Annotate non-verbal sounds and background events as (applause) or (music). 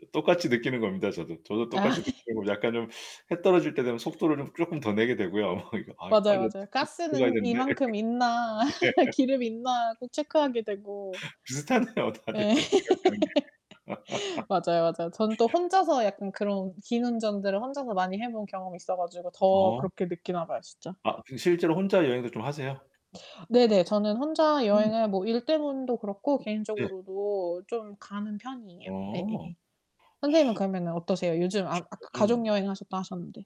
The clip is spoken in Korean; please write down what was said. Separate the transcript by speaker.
Speaker 1: 그 똑같이 느끼는 겁니다, 저도. 저도 똑같이
Speaker 2: 아. (laughs)
Speaker 1: 느끼고 약간 좀 해 떨어질 때 되면 속도를 좀 쪼끔 더 내게 되고요.
Speaker 2: 어
Speaker 1: (laughs) 이거 '아 이 빨리
Speaker 2: 맞아요,
Speaker 1: 얼른
Speaker 2: 맞아요.
Speaker 1: 숙소 들어가야
Speaker 2: '가스는
Speaker 1: 되는데.'
Speaker 2: 이만큼 있나,
Speaker 1: (laughs) 예.
Speaker 2: (laughs) 기름 있나?' 꼭 체크하게 되고.
Speaker 1: (laughs) 비슷하네요. 다들
Speaker 2: 예.
Speaker 1: 생각하는 게.
Speaker 2: (laughs)
Speaker 1: (laughs)
Speaker 2: 맞아요, 맞아요. 전 또 혼자서 약간 그런 긴 운전들을 혼자서 많이 해 본 경험이 있어 가지고 더
Speaker 1: 어.
Speaker 2: 그렇게 느끼나 봐요 진짜.
Speaker 1: 아, 그럼 실제로 혼자 여행도 좀 하세요?
Speaker 2: 네네. 저는 혼자
Speaker 1: 오.
Speaker 2: 여행을 뭐 일 때문도 그렇고
Speaker 1: 네.
Speaker 2: 개인적으로도 좀 가는 편이에요. 예 예
Speaker 1: 어.
Speaker 2: 예. 선생님은 그러면은 어떠세요? 요즘 아 아까 가족
Speaker 1: 저는
Speaker 2: 여행 하셨다 하셨는데.